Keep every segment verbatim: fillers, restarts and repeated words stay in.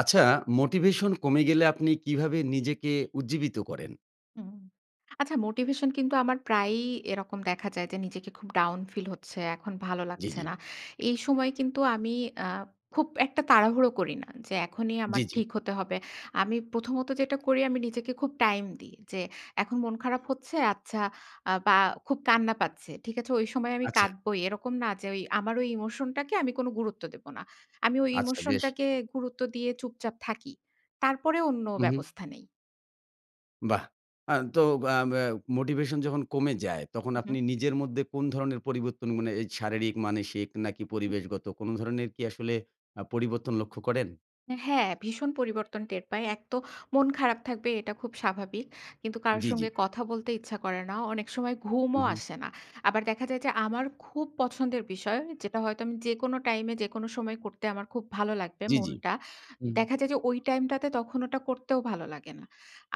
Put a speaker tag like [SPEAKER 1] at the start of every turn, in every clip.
[SPEAKER 1] আচ্ছা মোটিভেশন কমে গেলে আপনি কিভাবে নিজেকে উজ্জীবিত করেন?
[SPEAKER 2] হুম, আচ্ছা মোটিভেশন কিন্তু আমার প্রায়ই এরকম দেখা যায় যে, নিজেকে খুব ডাউন ফিল হচ্ছে, এখন ভালো
[SPEAKER 1] জি,
[SPEAKER 2] লাগছে
[SPEAKER 1] জি।
[SPEAKER 2] না। এই সময় কিন্তু আমি আ খুব একটা তাড়াহুড়ো করি না। যে এখনই আমার
[SPEAKER 1] জি, জি।
[SPEAKER 2] ঠিক হতে হবে। আমি প্রথমত যেটা করি, আমি নিজেকে খুব টাইম দিই। যে এখন মন খারাপ হচ্ছে, আচ্ছা আ বা খুব কান্না পাচ্ছে, ঠিক আছে? ঐ সময় আমি
[SPEAKER 1] আচ্ছা।
[SPEAKER 2] কাঁদবোই। এরকম না যে, ঐ আমার ওই ইমোশনটাকে আমি কোন গুরুত্ব দেব না। আমি
[SPEAKER 1] আচ্ছা বেশ।
[SPEAKER 2] ইমোশনটাকে গুরুত্ব দিয়ে চুপচাপ থাকি। তারপরে অন্য
[SPEAKER 1] উম-হুম।
[SPEAKER 2] ব্যবস্থা নেই।
[SPEAKER 1] বাহ! আ তো আম অ্যা মোটিভেশন যখন কমে যায়, তখন আপনি
[SPEAKER 2] উম-হুম।
[SPEAKER 1] নিজের মধ্যে কোন ধরনের পরিবর্তন মানে এই শারীরিক, মানসিক নাকি
[SPEAKER 2] উম-হুম।
[SPEAKER 1] পরিবেশগত, কোন ধরনের কি আসলে আ পরিবর্তন কি লক্ষ্য করেন?
[SPEAKER 2] অ্যা হ্যাঁ, ভীষণ পরিবর্তন টের পাই। এক তো মন খারাপ থাকবে, এটা খুব স্বাভাবিক। কিন্তু কারো
[SPEAKER 1] জি, জি।
[SPEAKER 2] সঙ্গে কথা বলতে ইচ্ছা করে না। অনেক সময় ঘুমও
[SPEAKER 1] উম-হুম।
[SPEAKER 2] আসে না। আবার দেখা যায় যে, আমার খুব পছন্দের বিষয়, যেটা হয়তো আমি যেকোনো টাইম এ যেকোনো সময় করতে আমার খুব ভালো লাগবে
[SPEAKER 1] জি, জি।
[SPEAKER 2] মনটা।
[SPEAKER 1] হুম।
[SPEAKER 2] দেখা যায় যে ওই টাইম টাতে, তখন ওটা করতেও ভালো লাগে না।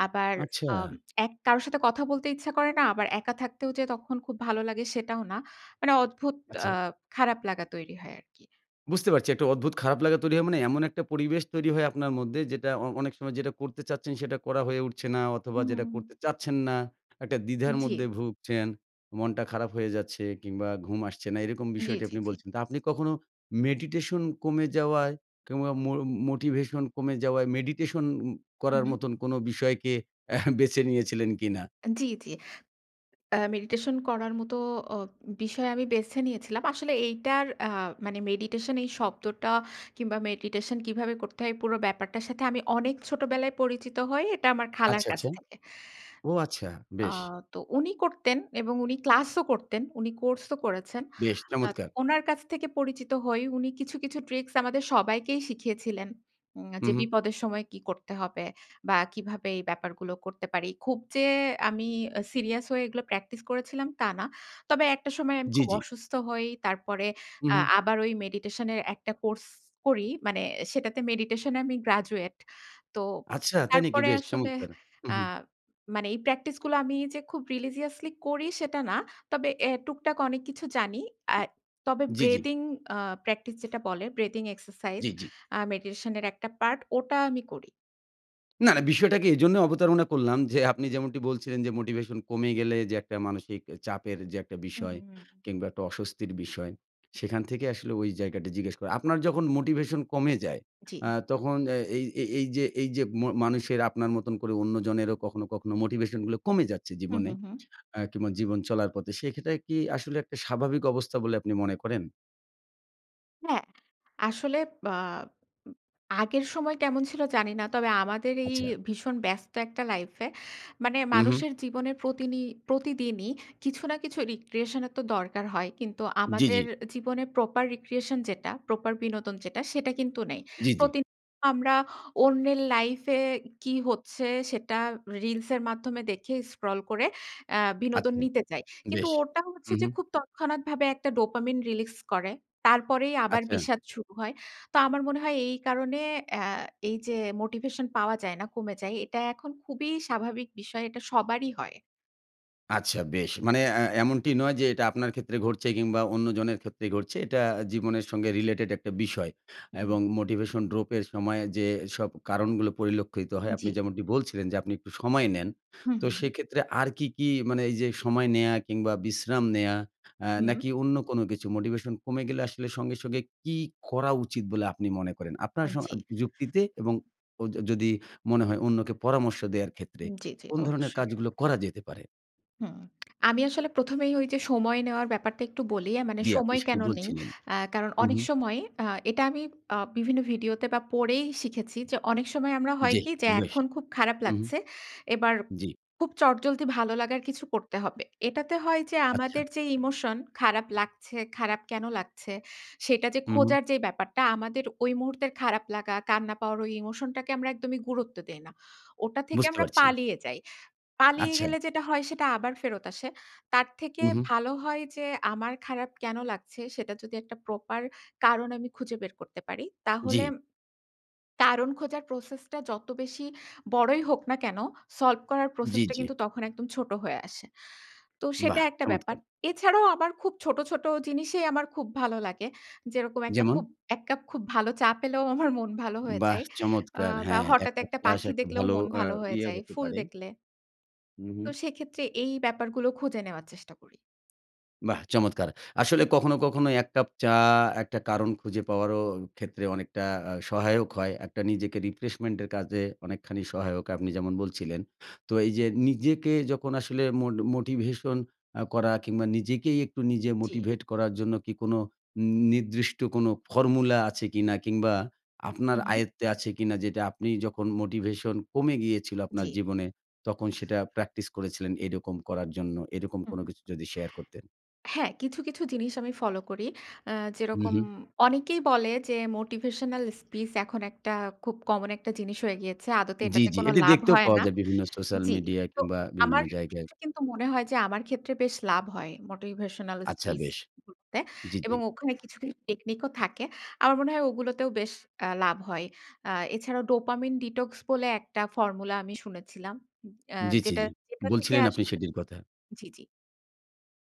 [SPEAKER 2] আবার আম
[SPEAKER 1] আচ্ছা।
[SPEAKER 2] এক কারো সাথে কথা বলতে ইচ্ছা করে না। আবার একা থাকতেও যে তখন খুব ভালো লাগে সেটাও না। মানে অদ্ভুত আ
[SPEAKER 1] আচ্ছা।
[SPEAKER 2] খারাপ লাগা তৈরি হয় আরকি।
[SPEAKER 1] বুঝতে পারছি একটা অদ্ভুত খারাপ লাগা তৈরি হয়, মানে এমন একটা পরিবেশ তৈরি হয় আপনার মধ্যে যেটা অ অনেক সময় যেটা করতে চাচ্ছেন, সেটা করা হয়ে উঠছে না অথবা
[SPEAKER 2] হুম,
[SPEAKER 1] যেটা
[SPEAKER 2] হুম, হুম।
[SPEAKER 1] করতে চাচ্ছেন না, একটা দ্বিধার
[SPEAKER 2] উম-জি।
[SPEAKER 1] মধ্যে ভুগছেন, মনটা খারাপ হয়ে যাচ্ছে কিংবা ঘুম আসছে না। এইরকম
[SPEAKER 2] জি,
[SPEAKER 1] বিষয়টি
[SPEAKER 2] জি,
[SPEAKER 1] আপনি
[SPEAKER 2] জি।
[SPEAKER 1] বলছেন, তা আপনি কখনো মেডিটেশন কমে যাওয়ায় কিংবা মো মোটিভেশন কমে যাওয়ায় মেডিটেশন উম করার
[SPEAKER 2] উম-হুম।
[SPEAKER 1] মতন কোনো বিষয়কে বেঁচে নিয়েছিলেন কিনা?
[SPEAKER 2] আন জি, জি। আ মেডিটেশন করার মতো অ উম বিষয় আমি বেসে নিয়েছিলাম। আসলে এইটার আ মানে মেডিটেশন, এই শব্দটা কিংবা মেডিটেশন কীভাবে করতে হয়? এই পুরো ব্যাপারটার সাথে আমি অনেক ছোটবেলায় পরিচিত হই। এটা আমার খালার
[SPEAKER 1] আচ্ছা
[SPEAKER 2] কাছ
[SPEAKER 1] আচ্ছা।
[SPEAKER 2] থেকে।
[SPEAKER 1] ও আচ্ছা,
[SPEAKER 2] আ
[SPEAKER 1] বেশ।
[SPEAKER 2] তো উনি করতেন এবং উনি ক্লাস ও করতেন। উনি কোর্স ও করেছেন।
[SPEAKER 1] বেশ
[SPEAKER 2] আ ত
[SPEAKER 1] চমৎকার।
[SPEAKER 2] ওনার কাছ থেকে পরিচিত হই, উনি কিছু, কিছু ট্রিকস আমাদের সবাইকেই শিখিয়েছিলেন। উম যে
[SPEAKER 1] উম-হুম।
[SPEAKER 2] বিপদের সময় কী করতে হবে? বা কীভাবে এই ব্যাপারগুলো করতে পারি? খুব যে আমি অ্যা সিরিয়াস হয়ে এগুলো প্র্যাকটিস করেছিলাম, তা না। তবে একটা সময় আমি
[SPEAKER 1] জি,
[SPEAKER 2] খুব
[SPEAKER 1] জি।
[SPEAKER 2] অসুস্থ হই, তারপরে আ
[SPEAKER 1] উম-হুম।
[SPEAKER 2] আবার ওই মেডিটেশন এর একটা কোর্স করি। মানে সেটাতে মেডিটেশন এ আমি গ্রাজুয়েট। তো
[SPEAKER 1] আচ্ছা তাই নাকি?
[SPEAKER 2] তারপরে
[SPEAKER 1] বেশ
[SPEAKER 2] আসলে,
[SPEAKER 1] চমৎকার।
[SPEAKER 2] আ
[SPEAKER 1] উম-হুম।
[SPEAKER 2] মানে এই প্র্যাকটিস গুলো আমি যে খুব religiously করি সেটা না, তবে অ্যা টুকটাক অনেক কিছু জানি। আয় তবে
[SPEAKER 1] জি, জি।
[SPEAKER 2] breathing আ প্র্যাকটিস যেটা বলে, ব্রেদিং এক্সারসাইজ
[SPEAKER 1] জি, জি।
[SPEAKER 2] আ মেডিটেশনের একটা পার্ট, ওটা আমি করি।
[SPEAKER 1] না, না। বিষয়টাকে এইজন্যে অবতারণা করলাম যে, আপনি যেমনটি বলছিলেন যে মোটিভেশন কমে গেলে যে একটা মানসিক এ চাপের যে একটা
[SPEAKER 2] হুম,
[SPEAKER 1] বিষয়
[SPEAKER 2] হুম, হুম।
[SPEAKER 1] কিংবা একটা অস্বস্তির বিষয়, সেখান থেকে আসলে ঐ জায়গাটি জিজ্ঞেস করা। আপনার যখন মোটিভেশন কমে যায় আ
[SPEAKER 2] জি।
[SPEAKER 1] তখন অ্যা এই এইযে এইযে ম মানুষের আপনার মতন করে অন্যজনেরও কখনো কখনো মোটিভেশনগুলো কমে যাচ্ছে
[SPEAKER 2] হুম,
[SPEAKER 1] জীবনে।
[SPEAKER 2] হুম, হুম।
[SPEAKER 1] অ্যা কিংবা জীবন চলার পথে। সেইক্ষেত্রে কি আসলে একটা স্বাভাবিক অবস্থা বলে আপনি মনে করেন?
[SPEAKER 2] হ্যাঁ, আসলে বা উ আগের সময় কেমন ছিল জানি না। তবে আমাদের এই
[SPEAKER 1] আচ্ছা।
[SPEAKER 2] ভীষণ ব্যস্ত একটা লাইফে মানে
[SPEAKER 1] হুম, হুম।
[SPEAKER 2] মানুষের জীবনের প্রতিনি প্রতিদিনই কিছু না কিছু recreation এর তো দরকার হয়। কিন্তু
[SPEAKER 1] জি, জি।
[SPEAKER 2] আমাদের জীবনের proper recreation যেটা proper বিনোদন যেটা, সেটা কিন্তু নেই।
[SPEAKER 1] জি, জি।
[SPEAKER 2] প্রতি আমরা অন্যের লাইফে কী হচ্ছে? সেটা রিলসের মাধ্যমে দেখে স্ক্রল করে অ্যা বিনোদন
[SPEAKER 1] আচ্ছা,
[SPEAKER 2] নিতে চাই। কিন্তু
[SPEAKER 1] বেশ।
[SPEAKER 2] ওটা হচ্ছে
[SPEAKER 1] হুম,
[SPEAKER 2] যে
[SPEAKER 1] হুম।
[SPEAKER 2] খুব তৎক্ষণাৎভাবে একটা dopamine রিলিজ করে। তারপরেই আবার
[SPEAKER 1] আচ্ছা।
[SPEAKER 2] বিষাদ শুরু হয়। তো আমার মনে হয় এই কারণে অ্যা এইযে মোটিভেশন পাওয়া যায় না, কমে যায়। এটা এখন খুবই স্বাভাবিক বিষয়। এটা সবারই হয়।
[SPEAKER 1] আচ্ছা। বেশ মানে আ এমনটি নয় যে এটা আপনার ক্ষেত্রে ঘটছে কিংবা অন্যজনের ক্ষেত্রে ঘটছে। এটা জীবনের সঙ্গে related একটা বিষয়
[SPEAKER 2] হুম।
[SPEAKER 1] এবং motivation drop এর সময় যেসব কারণগুলো পরিলক্ষিত হয় আপনি
[SPEAKER 2] জি।
[SPEAKER 1] যেমনটি বলছিলেন যে, আপনি একটু সময় নেন।
[SPEAKER 2] হু,
[SPEAKER 1] তো
[SPEAKER 2] হু, হু।
[SPEAKER 1] সেক্ষেত্রে আর কি, কি মানে এই যে সময় নেয়া কিংবা বিশ্রাম নেয়া আ
[SPEAKER 2] হুম?
[SPEAKER 1] নাকি অন্য কোনো কিছু? Motivation কমে গেলে আসলে সঙ্গে, সঙ্গে কি করা উচিত বলে আপনি মনে করেন? আপনার
[SPEAKER 2] আ
[SPEAKER 1] সম
[SPEAKER 2] জি।
[SPEAKER 1] যুক্তিতে এবং অ য যদি মনে হয় অন্যকে পরামর্শ দেওয়ার ক্ষেত্রে
[SPEAKER 2] জি, জি,
[SPEAKER 1] কোন ধরনের
[SPEAKER 2] অবশ্যই।
[SPEAKER 1] কাজগুলো করা যেতে পারে?
[SPEAKER 2] হুম। আমি আসলে প্রথমেই ঐ যে সময় নেওয়ার ব্যাপারটা একটু বলি। মানে
[SPEAKER 1] জি, আপনি
[SPEAKER 2] সময়
[SPEAKER 1] সেটি
[SPEAKER 2] কেন নেই?
[SPEAKER 1] বলছিলেন।
[SPEAKER 2] অ্যাঁ কারণ
[SPEAKER 1] হু,
[SPEAKER 2] অনেক
[SPEAKER 1] হু।
[SPEAKER 2] সময় আ এটা আমি আ বিভিন্ন ভিডিওতে বা পড়েই শিখেছি যে অনেক সময় আমরা হয়
[SPEAKER 1] জি,
[SPEAKER 2] কি? যে
[SPEAKER 1] বেশ,
[SPEAKER 2] এখন খুব খারাপ
[SPEAKER 1] হু, হু।
[SPEAKER 2] লাগছে। এবার
[SPEAKER 1] জি।
[SPEAKER 2] খুব চটজলদি ভালো লাগার কিছু করতে হবে। এটাতে হয় যে
[SPEAKER 1] আচ্ছা।
[SPEAKER 2] আমাদের যে ইমোশন খারাপ লাগছে, খারাপ কেন লাগছে? সেটা যে
[SPEAKER 1] হু, হু।
[SPEAKER 2] খোঁজার যে ব্যাপারটা আমাদের ওই মুহূর্তের খারাপ লাগা, কান্না পাওয়ার ওই ইমোশন টাকে আমরা একদমই গুরুত্ব দেই না। ওটা থেকে
[SPEAKER 1] বুঝতে
[SPEAKER 2] আমরা
[SPEAKER 1] পারছি।
[SPEAKER 2] পালিয়ে যাই। পালিয়ে
[SPEAKER 1] আচ্ছা।
[SPEAKER 2] গেলে যেটা হয় সেটা আবার ফেরত আসে। তার থেকে
[SPEAKER 1] হু, হু।
[SPEAKER 2] ভালো হয় যে, আমার খারাপ কেন লাগছে? সেটা যদি একটা proper কারণ আমি খুঁজে বের করতে পারি তাহলে
[SPEAKER 1] জি।
[SPEAKER 2] কারণ খোঁজার process টা যত বেশি বড়ই হোক না কেন solve করার
[SPEAKER 1] জি,
[SPEAKER 2] process টা
[SPEAKER 1] জি।
[SPEAKER 2] কিন্তু তখন একদম ছোট হয়ে আসে। তো সেটা
[SPEAKER 1] বাহ,
[SPEAKER 2] একটা ব্যাপার।
[SPEAKER 1] চমৎকার!
[SPEAKER 2] এছাড়াও আবার খুব ছোট, ছোট জিনিসেই আমার খুব ভালো লাগে। যেরকম একটা
[SPEAKER 1] যেমন?
[SPEAKER 2] খুব এক কাপ খুব ভালো চা পেলেও আমার মন ভালো হয়ে
[SPEAKER 1] বাহ!
[SPEAKER 2] যায় আ
[SPEAKER 1] চমৎকার!
[SPEAKER 2] বা
[SPEAKER 1] হ্যাঁ, এক
[SPEAKER 2] হঠাৎ
[SPEAKER 1] কাপ
[SPEAKER 2] একটা
[SPEAKER 1] চা সে
[SPEAKER 2] পাখি
[SPEAKER 1] একটা
[SPEAKER 2] দেখলেও
[SPEAKER 1] ভালো
[SPEAKER 2] মন
[SPEAKER 1] আ
[SPEAKER 2] ভালো হয়ে
[SPEAKER 1] ইয়ে
[SPEAKER 2] যায়,
[SPEAKER 1] হতে
[SPEAKER 2] ফুল
[SPEAKER 1] পারে।
[SPEAKER 2] দেখলে
[SPEAKER 1] হু, হু।
[SPEAKER 2] তো সেক্ষেত্রে এই ব্যাপারগুলো খুঁজে নেওয়ার চেষ্টা করি।
[SPEAKER 1] বাহ! চমৎকার। আসলে কখনো, কখনো এক কাপ চা একটা কারণ খুঁজে পাওয়ারও ক্ষেত্রে অনেকটা আ সহায়ক হয়। একটা নিজেকে রিফ্রেশমেন্ট এর কাজে অনেকখানি সহায়ক আপনি যেমন বলছিলেন। তো এই যে নিজেকে যখন আসলে মোট মোটিভেশন আ করা কিংবা নিজেকেই একটু নিজে
[SPEAKER 2] জি।
[SPEAKER 1] মোটিভেট করার জন্য কি কোনো নির্দিষ্ট কোনো ফর্মুলা আছে কিনা? কিংবা আপনার
[SPEAKER 2] উম-হুম।
[SPEAKER 1] আয়ত্তে আছে কিনা? যেটা আপনি যখন মোটিভেশন কমে গিয়েছিল আপনার
[SPEAKER 2] জি।
[SPEAKER 1] জীবনে তখন সেটা প্র্যাকটিস করেছিলেন এরকম করার জন্য? এরকম
[SPEAKER 2] হুম।
[SPEAKER 1] কোনো কিছু যদি শেয়ার করতেন?
[SPEAKER 2] হ্যাঁ কিছু, কিছু জিনিস আমি ফলো করি। আ যেরকম
[SPEAKER 1] উম-হুম।
[SPEAKER 2] অনেকেই বলে যে মোটিভেশনাল স্পিচ এখন একটা খুব কমন একটা জিনিস হয়ে গিয়েছে। আদতে
[SPEAKER 1] জি,
[SPEAKER 2] এটাতে
[SPEAKER 1] জি।
[SPEAKER 2] কোন
[SPEAKER 1] এটি
[SPEAKER 2] লাভ
[SPEAKER 1] দেখতেও
[SPEAKER 2] হয়
[SPEAKER 1] পাওয়া
[SPEAKER 2] না।
[SPEAKER 1] যায় বিভিন্ন সোস্যাল
[SPEAKER 2] জ্বি।
[SPEAKER 1] মিডিয়া
[SPEAKER 2] তো
[SPEAKER 1] কিংবা
[SPEAKER 2] আমার
[SPEAKER 1] বিভিন্ন জায়গায়।
[SPEAKER 2] ক্ষেত্রে কিন্তু মনে হয় যে আমার ক্ষেত্রে বেশ লাভ হয় মোটিভেশনাল
[SPEAKER 1] আচ্ছা
[SPEAKER 2] স্পিচ
[SPEAKER 1] বেশ।
[SPEAKER 2] গুলোতে।
[SPEAKER 1] জ্বি, জ্বি।
[SPEAKER 2] এবং ওখানে কিছু, কিছু টেকনিক ও থাকে। আমার মনে হয় ওগুলোতেও বেশ আ লাভ হয়। আ এছাড়াও ডোপামিন ডিটক্স বলে একটা ফর্মুলা আমি শুনেছিলাম। আ
[SPEAKER 1] জি, জি,
[SPEAKER 2] যেটা
[SPEAKER 1] জি।
[SPEAKER 2] যেটা থেকে
[SPEAKER 1] বলছিলেন আপনি
[SPEAKER 2] আসলে
[SPEAKER 1] সেটির কথা।
[SPEAKER 2] জি, জি।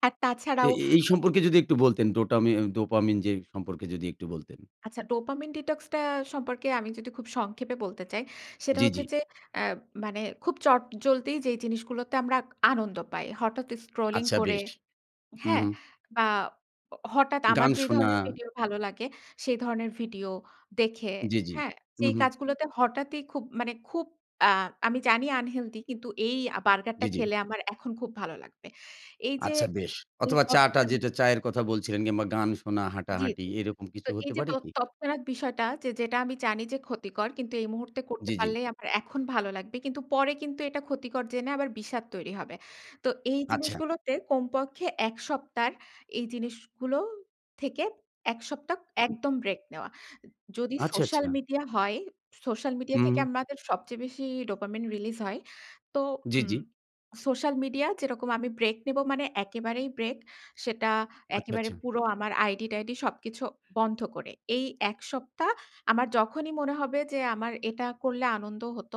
[SPEAKER 2] আর
[SPEAKER 1] এ
[SPEAKER 2] তাছাড়াও।
[SPEAKER 1] এ এই সম্পর্কে যদি একটু বলতেন? ডোটামি ডোপামিন যে সম্পর্কে যদি একটু বলতেন?
[SPEAKER 2] আচ্ছা ডোপামিন ডিটক্স টা সম্পর্কে আমি যদি খুব সংক্ষেপে বলতে চাই সেটা
[SPEAKER 1] জি,
[SPEAKER 2] হচ্ছে
[SPEAKER 1] জি।
[SPEAKER 2] যে আ মানে খুব চট জলদি যেই জিনিসগুলোতে আমরা আনন্দ পাই। হঠাৎ স্ক্রলিং
[SPEAKER 1] আচ্ছা
[SPEAKER 2] করে
[SPEAKER 1] বেশ। হুম,
[SPEAKER 2] হ্যাঁ?
[SPEAKER 1] হুম।
[SPEAKER 2] বা অ হঠাৎ আমার
[SPEAKER 1] গান
[SPEAKER 2] যে
[SPEAKER 1] শোনা।
[SPEAKER 2] ধরনের ভিডিও ভালো লাগে সেই ধরনের ভিডিও দেখে
[SPEAKER 1] জি, জি।
[SPEAKER 2] হ্যাঁ? যেই
[SPEAKER 1] উম-হুম।
[SPEAKER 2] কাজগুলোতে হঠাৎই খুব মানে খুব আ আমি জানি আন-হেলদি কিন্তু এই আ বার্গারটা
[SPEAKER 1] জি, জি।
[SPEAKER 2] খেলে আমার এখন খুব ভালো লাগবে। এই যে
[SPEAKER 1] আচ্ছা বেশ। অথবা চা-টা
[SPEAKER 2] [unintelligible]
[SPEAKER 1] যেটা চায়ের কথা বলছিলেন কিংবা গান শোনা,
[SPEAKER 2] জি,
[SPEAKER 1] হাঁটাহাঁটি
[SPEAKER 2] জি।
[SPEAKER 1] এরকম কিছু
[SPEAKER 2] তো এই
[SPEAKER 1] হতে
[SPEAKER 2] যে
[SPEAKER 1] পারে
[SPEAKER 2] তৎ
[SPEAKER 1] কি?
[SPEAKER 2] তৎক্ষনাৎ বিষয়টা যে যেটা আমি জানি যে ক্ষতিকর কিন্তু এই মুহূর্তে করতে
[SPEAKER 1] জি, জি।
[SPEAKER 2] পারলেই আমার এখন ভালো লাগবে। কিন্তু পরে কিন্তু এটা ক্ষতিকর জেনে আবার বিষাদ তৈরি হবে। তো এই
[SPEAKER 1] আচ্ছা।
[SPEAKER 2] জিনিসগুলোতে কমপক্ষে এক সপ্তাহর এই জিনিসগুলো থেকে এক সপ্তাহ একদম ব্রেক নেওয়া। যদি
[SPEAKER 1] আচ্ছা,
[SPEAKER 2] সোশ্যাল
[SPEAKER 1] আচ্ছা।
[SPEAKER 2] মিডিয়া হয় সোশ্যাল মিডিয়া থেকে
[SPEAKER 1] হুম।
[SPEAKER 2] আমাদের সবচেয়ে বেশি ডোপামিন রিলিজ হয়। তো
[SPEAKER 1] জি, জি।
[SPEAKER 2] উম সোশ্যাল মিডিয়া যেরকম আমি ব্রেক নেব মানে একেবারেই ব্রেক। সেটা
[SPEAKER 1] আচ্ছা,
[SPEAKER 2] একেবারে
[SPEAKER 1] আচ্ছা।
[SPEAKER 2] পুরো আমার আইডি-টাইডি সবকিছু বন্ধ করে। এই এক সপ্তাহ আমার যখনই মনে হবে যে আমার এটা করলে আনন্দ হত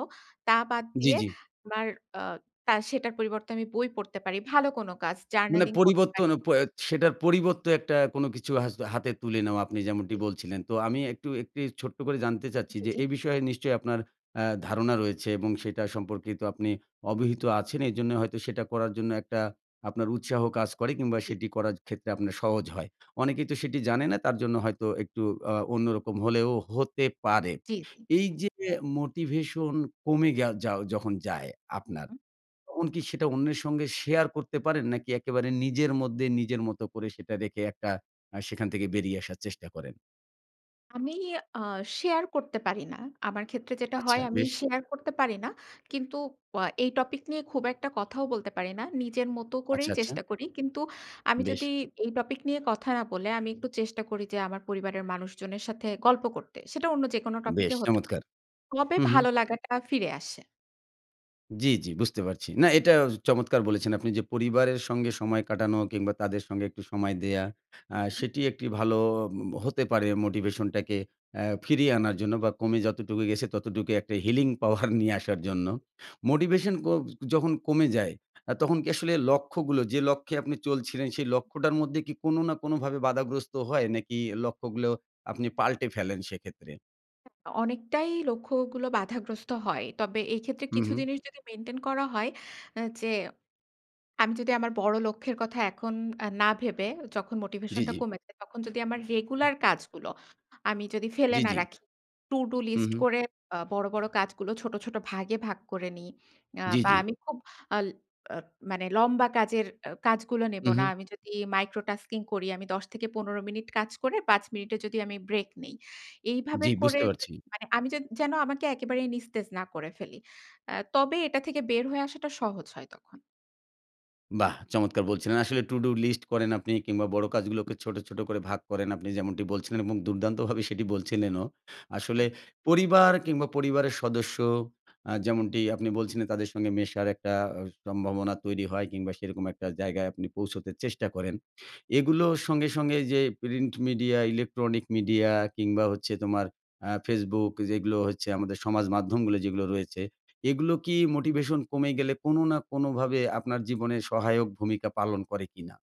[SPEAKER 2] তা বাদ
[SPEAKER 1] জি,
[SPEAKER 2] দিয়ে
[SPEAKER 1] জি।
[SPEAKER 2] আমার আ তার সেটার পরিবর্তে আমি বই পড়তে পারি, ভালো কোন কাজ,
[SPEAKER 1] মানে
[SPEAKER 2] জার্নালিং পড়তে পারি।
[SPEAKER 1] পরিবর্তন প এ সেটার পরিবর্তে একটা কোনো কিছু হা হাতে তুলে নেওয়া আপনি যেমনটি বলছিলেন। তো আমি একটু একটি ছোট্ট করে জানতে চাচ্ছি
[SPEAKER 2] জি,
[SPEAKER 1] যে
[SPEAKER 2] জি।
[SPEAKER 1] এই বিষয়ে নিশ্চয়ই আপনার আ ধারণা রয়েছে এবং সেটা সম্পর্কে তো আপনি অবহিত আছেন এজন্য হয়তো সেটা করার জন্য একটা আপনার উৎসাহ কাজ করে কিংবা
[SPEAKER 2] জি।
[SPEAKER 1] সেটি করার ক্ষেত্রে আপনার সহজ হয়। অনেকেই তো সেটি জানে না তার জন্য হয়তো একটু আ অন্যরকম হলেও হতে পারে।
[SPEAKER 2] জি, জি।
[SPEAKER 1] এই যে মোটিভেশন কমে গেও যাও যখন যায় আপনার,
[SPEAKER 2] উম-হুম।
[SPEAKER 1] তখন কি সেটা অন্যের সঙ্গে শেয়ার করতে পারেন? নাকি একেবারে নিজের মধ্যে নিজের মত করে সেটা রেখে একটা আ সেখান থেকে বেরিয়ে আসার চেষ্টা করেন?
[SPEAKER 2] আমি আ শেয়ার করতে পারি না। আমার ক্ষেত্রে যেটা
[SPEAKER 1] আচ্ছা,
[SPEAKER 2] হয় আমি
[SPEAKER 1] বেশ।
[SPEAKER 2] শেয়ার করতে পারি না। কিন্তু আ এই টপিক নিয়ে খুব একটা কথাও বলতে পারি না। নিজের মতো
[SPEAKER 1] আচ্ছা,
[SPEAKER 2] করেই
[SPEAKER 1] আচ্ছা।
[SPEAKER 2] চেষ্টা করি। কিন্তু আমি যদি
[SPEAKER 1] বেশ।
[SPEAKER 2] এই টপিক নিয়ে কথা না বলে আমি একটু চেষ্টা করি যে আমার পরিবারের মানুষজনের সাথে গল্প করতে। সেটা অন্য যেকোনো
[SPEAKER 1] বেশ
[SPEAKER 2] টপিকে হতে
[SPEAKER 1] চমৎকার।
[SPEAKER 2] তবে
[SPEAKER 1] হুম, হুম।
[SPEAKER 2] ভালো লাগাটা ফিরে আসে।
[SPEAKER 1] জি, জি। বুঝতে পারছি। না এটা ও চমৎকার বলেছেন। আপনি যে পরিবারের সঙ্গে সময় কাটানো কিংবা তাদের সঙ্গে একটু সময় দেয়া। আ সেটি একটি ভালো অ হতে পারে উম মোটিভেশনটাকে অ্যা ফিরিয়ে আনার জন্য বা, কমে যতটুকু গেছে ততটুকু একটা healing power নিয়ে আসার জন্য। মোটিভেশন ক যখন কমে যায় আ তখন কি আসলে লক্ষ্যগুলো যে লক্ষ্যে আপনি চলছিলেন সেই লক্ষ্যটার মধ্যে কি কোনো না কোনোভাবে বাধাগ্রস্ত হয়? নাকি লক্ষ্যগুলো আপনি পাল্টে ফেলেন সেক্ষেত্রে?
[SPEAKER 2] অ অনেকটাই লক্ষ্যগুলো বাধাগ্রস্ত হয়। তবে এইক্ষেত্রে কিছু
[SPEAKER 1] উম-হুম।
[SPEAKER 2] জিনিস যদি মেইনটেইন করা হয় আ যে, আমি যদি আমার বড় লক্ষ্যের কথা এখন না ভেবে যখন
[SPEAKER 1] জি,
[SPEAKER 2] মোটিভেশনটা
[SPEAKER 1] জি।
[SPEAKER 2] কমেছে, তখন যদি আমার রেগুলার কাজগুলো আমি যদি ফেলে
[SPEAKER 1] জি,
[SPEAKER 2] না
[SPEAKER 1] জি।
[SPEAKER 2] রাখি to do
[SPEAKER 1] হুম,
[SPEAKER 2] লিস্ট
[SPEAKER 1] হুম।
[SPEAKER 2] করে আ বড়, বড় কাজগুলো ছোট, ছোট ভাগে ভাগ করে নিই আ
[SPEAKER 1] জি,
[SPEAKER 2] বা,
[SPEAKER 1] জি।
[SPEAKER 2] আমি খুব আল আ মানে লম্বা কাজের আ কাজগুলো নেব না।
[SPEAKER 1] উম-হুম।
[SPEAKER 2] আমি যদি micro tasking করি। আমি দশ থেকে পনেরো মিনিট কাজ করে পাঁচ মিনিটে যদি আমি ব্রেক নিই। এইভাবে
[SPEAKER 1] জি।
[SPEAKER 2] করে
[SPEAKER 1] বুঝতে
[SPEAKER 2] য
[SPEAKER 1] পারছি।
[SPEAKER 2] মানে আমি যেদ যেন আমাকে একেবারেই নিস্তেজ না করে ফেলি। আ তবে এটা থেকে বের হয়ে আসাটা সহজ হয় তখন।
[SPEAKER 1] বাহ! চমৎকার বলছিলেন। আসলে টুডু লিস্ট করেন আপনি কিংবা বড় কাজগুলোকে ছোট, ছোট করে ভাগ করেন আপনি, যেমনটি বলছিলেন এবং দুর্দান্তভাবে সেটি বলছিলেনও। আসলে পরিবার কিংবা পরিবারের সদস্য আ যেমনটি আপনি বলছিলেন তাদের সঙ্গে মেশার একটা অ সম্ভাবনা তৈরি হয় কিংবা সেরকম একটা জায়গায় আপনি পৌঁছতে চেষ্টা করেন। এগুলো সঙ্গে, সঙ্গে এইযে প্রিন্ট মিডিয়া, ইলেকট্রনিক মিডিয়া কিংবা হচ্ছে তোমার আ facebook এই যেগুলো হচ্ছে আমাদের সমাজ মাধ্যমগুলো যেগুলো রয়েছে, এগুলো কি মোটিভেশন কমে গেলে কোনো না কোনোভাবে আপনার জীবনে সহায়ক ভূমিকা পালন করে কিনা?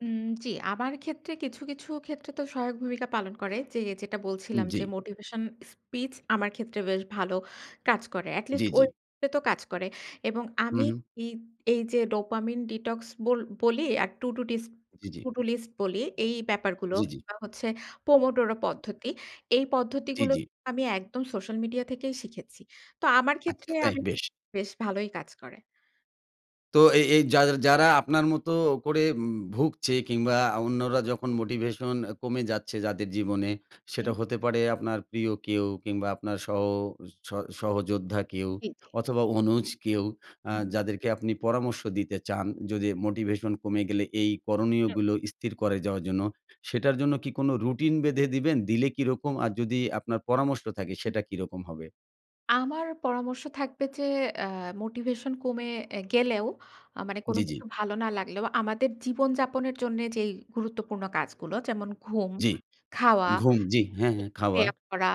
[SPEAKER 2] উম জি। আমার ক্ষেত্রে কিছু, কিছু ক্ষেত্রে তো সহায়ক ভূমিকা পালন করে। যে যেটা
[SPEAKER 1] উম
[SPEAKER 2] বলছিলাম
[SPEAKER 1] জি।
[SPEAKER 2] যে মোটিভেশন স্পিচ আমার ক্ষেত্রে বেশ ভালো কাজ করে।
[SPEAKER 1] জি,
[SPEAKER 2] এটলিস্ট
[SPEAKER 1] জি।
[SPEAKER 2] ওই এতো কাজ করে এবং
[SPEAKER 1] উম
[SPEAKER 2] আমি
[SPEAKER 1] হুম।
[SPEAKER 2] ই এইযে dopamine ডিটক্স বল বলি আর টুডু ডিস্ক
[SPEAKER 1] জি, জি।
[SPEAKER 2] টুডু লিস্ট বলি, এই ব্যাপারগুলো
[SPEAKER 1] জি, জি।
[SPEAKER 2] কিংবা হচ্ছে pomodoro
[SPEAKER 1] হু।
[SPEAKER 2] পদ্ধতি। এই
[SPEAKER 1] জি,
[SPEAKER 2] পদ্ধতিগুলো
[SPEAKER 1] জি।
[SPEAKER 2] আমি একদম সোশ্যাল মিডিয়া থেকেই শিখেছি। তো আমার
[SPEAKER 1] আচ্ছা,
[SPEAKER 2] ক্ষেত্রে
[SPEAKER 1] তাই?
[SPEAKER 2] আমি
[SPEAKER 1] বেশ!
[SPEAKER 2] বেশ ভালোই কাজ করে।
[SPEAKER 1] তো এই এই যার যারা আপনার মতো করে উম ভুগছে কিংবা অন্যরা যখন মোটিভেশন কমে যাচ্ছে যাদের জীবনে, সেটা
[SPEAKER 2] জি।
[SPEAKER 1] হতে পারে আপনার প্রিয় কেউ কিংবা আপনার সহ ও স সহযোদ্ধা কেউ
[SPEAKER 2] জি, জি।
[SPEAKER 1] অথবা, অনুজ কেউ, আ
[SPEAKER 2] হুম, হুম।
[SPEAKER 1] যাদেরকে আপনি পরামর্শ দিতে চান, যদি মোটিভেশন কমে গেলে এই
[SPEAKER 2] হুম।
[SPEAKER 1] করণীয়গুলো স্থির করে যাওয়ার জন্য, সেটার জন্য কি কোনো রুটিন বেঁধে দিবেন? দিলে কীরকম আর যদি আপনার পরামর্শ থাকে
[SPEAKER 2] হুম।
[SPEAKER 1] সেটা কীরকম হবে?
[SPEAKER 2] আমার পরামর্শ থাকবে যে অ্যা মোটিভেশন কমে এ গেলেও আ মানে কোন
[SPEAKER 1] জি, জি।
[SPEAKER 2] কিছু ভালো না লাগলেও আমাদের জীবনযাপনের জন্য যেই গুরুত্বপূর্ণ কাজগুলো যেমন ঘুম,
[SPEAKER 1] জি।
[SPEAKER 2] খাওয়া
[SPEAKER 1] ঘুম জি, হ্যাঁ, হ্যাঁ
[SPEAKER 2] একটু
[SPEAKER 1] খাওয়া।
[SPEAKER 2] ব্যায়াম করা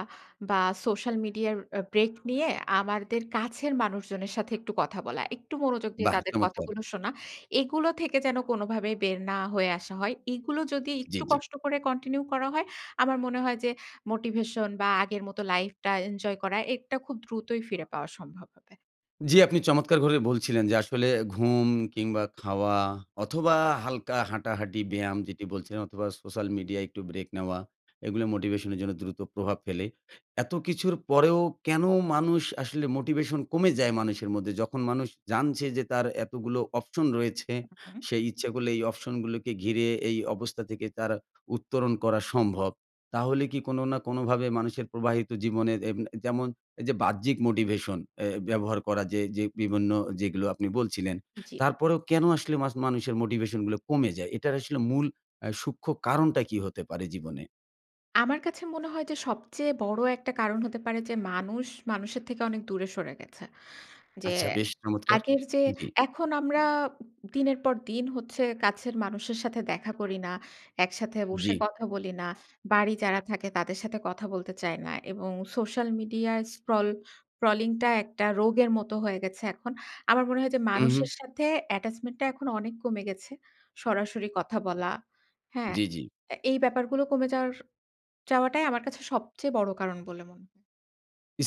[SPEAKER 2] বা সোশ্যাল মিডিয়ার এ ব্রেক নিয়ে আমাদের কাছের মানুষজনের সাথে একটু কথা বলা, একটু মনোযোগ দিয়ে
[SPEAKER 1] বাহ!
[SPEAKER 2] তাদের
[SPEAKER 1] চমৎকার।
[SPEAKER 2] কথাগুলো শোনা। এগুলো থেকে যেন কোনোভাবেই বের না হয়ে আসা হয়। এইগুলো যদি
[SPEAKER 1] জি,
[SPEAKER 2] একটু
[SPEAKER 1] জি।
[SPEAKER 2] কষ্ট করে কন্টিনিউ করা হয় আমার মনে হয় যে মোটিভেশন বা আগের মতো লাইফটা এনজয় করাটা এ এটা খুব দ্রুতই ফিরে পাওয়া সম্ভব হবে।
[SPEAKER 1] জি, আপনি চমৎকার করে বলছিলেন যে আসলে ঘুম কিংবা খাওয়া অথবা হালকা হাঁটাহাঁটি ব্যায়াম যেটি বলছেন অথবা সোশ্যাল মিডিয়ায় একটু ব্রেক নেওয়া, এগুলো মোটিভেশনের জন্য দ্রুত প্রভাব ফেলে। এত কিছুর পরেও কেন মানুষ আসলে মোটিভেশন কমে যায়। মানুষের মধ্যে যখন মানুষ জানছে যে তার এতগুলো অপশন রয়েছে।
[SPEAKER 2] হু, হু।
[SPEAKER 1] সেই ইচ্ছা করলে এই অপশনগুলোকে ঘিরে এই অবস্থা থেকে তারা উত্তরণ করা সম্ভব। তাহলে কি কোনো না কোনোভাবে মানুষের প্রবাহিত জীবনের এব এ যেমন এই যে বাহ্যিক মোটিভেশন অ্যা ব্যবহার করা যে যে বিভিন্ন যেগুলো আপনি বলছিলেন।
[SPEAKER 2] জি।
[SPEAKER 1] তারপরেও কেন আসলে মাস মানুষের মোটিভেশনগুলো কমে যায়? এটার আসলে মূল আ সূক্ষ্ম কারণটা কী হতে পারে জীবনে?
[SPEAKER 2] আমার কাছে মনে হয় যে সবচেয়ে বড় একটা কারণ হতে পারে যে মানুষ মানুষের থেকে অনেক দূরে সরে গেছে। যে
[SPEAKER 1] আচ্ছা। বেশ চমৎকার!
[SPEAKER 2] আগের যে
[SPEAKER 1] জি।
[SPEAKER 2] এখন আমরা দিনের পর দিন হচ্ছে কাছের মানুষের সাথে দেখা করি না, একসাথে বসে
[SPEAKER 1] জি।
[SPEAKER 2] কথা বলি না। বাড়ি যারা থাকে তাদের সাথে কথা বলতে চাই না এবং সোশ্যাল মিডিয়ায় স্ক্রল স্ক্রলিংটা একটা রোগের মতো হয়ে গেছে এখন। আমার মনে হয় যে
[SPEAKER 1] উম, হুম।
[SPEAKER 2] মানুষের সাথে attachment টা এখন অনেক কমে গেছে। সরাসরি কথা বলা। হ্যাঁ?
[SPEAKER 1] জি, জি।
[SPEAKER 2] এ এই ব্যাপারগুলো কমে যাওয়ার যাওয়াটাই আমার কাছে সবচেয়ে বড় কারণ বলে মনে হয়।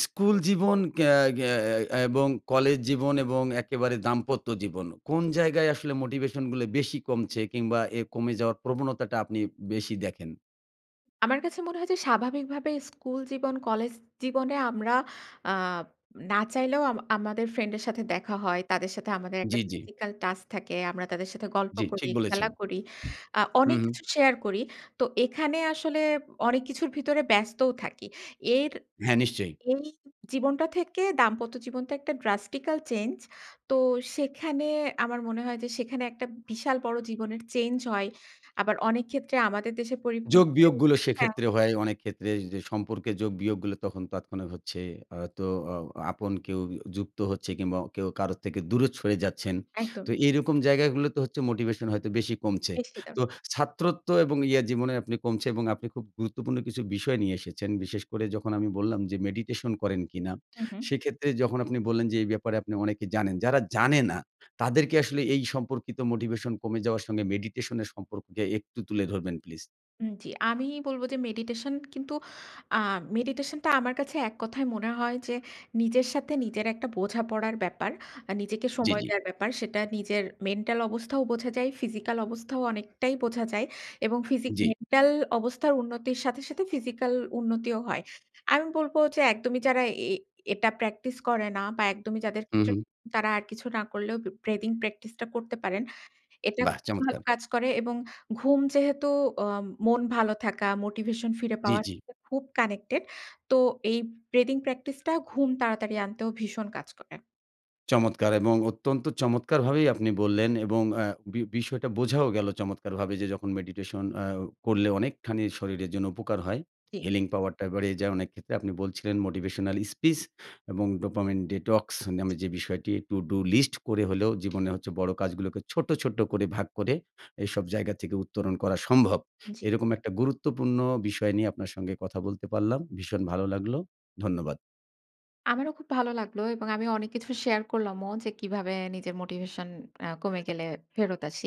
[SPEAKER 1] স্কুল জীবন এয়া এয়া আ এবং কলেজ জীবন এবং
[SPEAKER 2] হুম।
[SPEAKER 1] একেবারে দাম্পত্য জীবন। কোন জায়গায় আসলে মোটিভেশনগুলো বেশি কমছে কিংবা এ কমে যাওয়ার প্রবণতাটা আপনি বেশি দেখেন?
[SPEAKER 2] আমার কাছে মনে হয় যে স্বাভাবিকভাবে স্কুল জীবন, কলেজ জীবনে আমরা আব না চাইলেও আম আমাদের ফ্রেন্ডের সাথে দেখা হয়। তাদের সাথে আমাদের একটা
[SPEAKER 1] জি, জি।
[SPEAKER 2] ফিজিক্যাল টাচ থাকে। আমরা তাদের সাথে গল্প
[SPEAKER 1] জি।
[SPEAKER 2] করি,
[SPEAKER 1] ঠিক বলেছেন।
[SPEAKER 2] খেলা করি, আ
[SPEAKER 1] হু,
[SPEAKER 2] অনেক
[SPEAKER 1] হু।
[SPEAKER 2] কিছু শেয়ার করি। তো এখানে আসলে অনেক কিছুর ভিতরে ব্যস্তও থাকি। এর
[SPEAKER 1] হ্যাঁ। নিশ্চয়ই।
[SPEAKER 2] এই জীবনটা থেকে দাম্পত্য জীবনটা একটা drastical চেঞ্জ। তো সেখানে আমার মনে হয় যে সেখানে একটা বিশাল বড় জীবনের চেঞ্জ হয়। আবার অনেক ক্ষেত্রে আমাদের দেশের
[SPEAKER 1] যোগ
[SPEAKER 2] পরিপ্রেক্ষিতে
[SPEAKER 1] বিয়োগগুলো
[SPEAKER 2] হ্যাঁ।
[SPEAKER 1] সেক্ষেত্রে হয়। অনেক ক্ষেত্রে যে সম্পর্কে যোগ বিয়োগগুলো তখন তৎক্ষণাৎ হচ্ছে। আ তো আ আপন কেউ উ যুক্ত হচ্ছে কিংবা কেউ কারোর থেকে দূরে সরে যাচ্ছেন। তো
[SPEAKER 2] একদম।
[SPEAKER 1] এইরকম জায়গাগুলোতে হচ্ছে মোটিভেশন হয়তো বেশি কমছে।
[SPEAKER 2] নিশ্চিত।
[SPEAKER 1] তো ছাত্রত্ব এবং ইয়ে জীবনে আপনি কমছে। এবং আপনি খুব গুরুত্বপূর্ণ কিছু বিষয় নিয়ে এসেছেন। বিশেষ করে যখন আমি বললাম যে মেডিটেশন করেন কিনা?
[SPEAKER 2] হু, হু।
[SPEAKER 1] সেক্ষেত্রে যখন আপনি বললেন যে এই ব্যাপারে আপনি অনেক জানেন। যারা জানে না, তাদেরকে আসলে এই সম্পর্কিত মোটিভেশন কমে যাওয়ার সঙ্গে মেডিটেশনের সম্পর্ককে একটু তুলে ধরবেন প্লিজ।
[SPEAKER 2] উম জি। আমি বলবো যে মেডিটেশন কিন্তু আ মেডিটেশন টা আমার কাছে এক কথায় মনে হয় যে নিজের সাথে নিজের একটা বোঝাপড়ার ব্যাপার। আ নিজেকে
[SPEAKER 1] জি,
[SPEAKER 2] সময়
[SPEAKER 1] জি।
[SPEAKER 2] দেওয়ার ব্যাপার সেটা নিজের মেন্টাল অবস্থাও বোঝা যায়, ফিজিক্যাল অবস্থাও অনেকটাই বোঝা যায়, এবং ফিজিক
[SPEAKER 1] জি।
[SPEAKER 2] মেন্টাল অবস্থার উন্নতির সাথে, সাথে ফিজিক্যাল উন্নতিও হয়। আমি বলব যে একদমই যারা এ এটা প্র্যাকটিস করে না, বা একদমই যাদের ক্ষেত্রে
[SPEAKER 1] উম-হুম।
[SPEAKER 2] তারা আর কিছু না করলেও b breathing প্র্যাকটিস টা করতে পারেন। এটা
[SPEAKER 1] বাহ!
[SPEAKER 2] খুব ভালো
[SPEAKER 1] চমৎকার।
[SPEAKER 2] কাজ করে, এবং ঘুম যেহেতু আ মন ভালো থাকা মোটিভেশন ফিরে
[SPEAKER 1] জি,
[SPEAKER 2] পাওয়ার
[SPEAKER 1] জি।
[SPEAKER 2] [unintelligible] খুব কানেক্টেড, তো এই ব্রেথিং প্র্যাকটিস টা ঘুম তাড়াতাড়ি আনতেও ভীষণ কাজ করে।
[SPEAKER 1] চমৎকার এবং অত্যন্ত চমৎকারভাবেই আপনি বললেন, এবং আ বি বিষয়টা বোঝাও গেলো চমৎকারভাবে যে যখন মেডিটেশন আ করলে অনেকখানি শরীরের জন্য উপকার হয়।
[SPEAKER 2] জি।
[SPEAKER 1] healing power টা বাড়িয়ে যায় অনেক ক্ষেত্রে। আপনি বলছিলেন মোটিভেশনাল স্পিস এবং ডোপামিন ডিটক্স নামে যে বিষয়টি টুডু লিস্ট করে হলেও, জীবনে হচ্ছে বড় কাজগুলোকে ছোট্ট, ছোট্ট করে ভাগ করে, এসব জায়গা থেকে উত্তরণ করা সম্ভব।
[SPEAKER 2] জি।
[SPEAKER 1] এরকম একটা গুরুত্বপূর্ণ বিষয় নিয়ে আপনার সঙ্গে কথা বলতে পারলাম। ভীষণ ভালো লাগলো। ধন্যবাদ।
[SPEAKER 2] আমারও খুব ভালো লাগলো, এবং আমি অনেক কিছু শেয়ার করলামও যে কিভাবে নিজের মোটিভেশন আ কমে গেলে ফেরত আসি।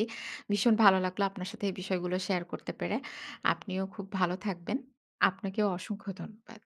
[SPEAKER 2] ভীষণ ভালো লাগলো আপনার সাথে এই বিষয়গুলো শেয়ার করতে পেরে। আপনিও খুব ভালো থাকবেন। আপনাকেও অসংখ্য ধন্যবাদ।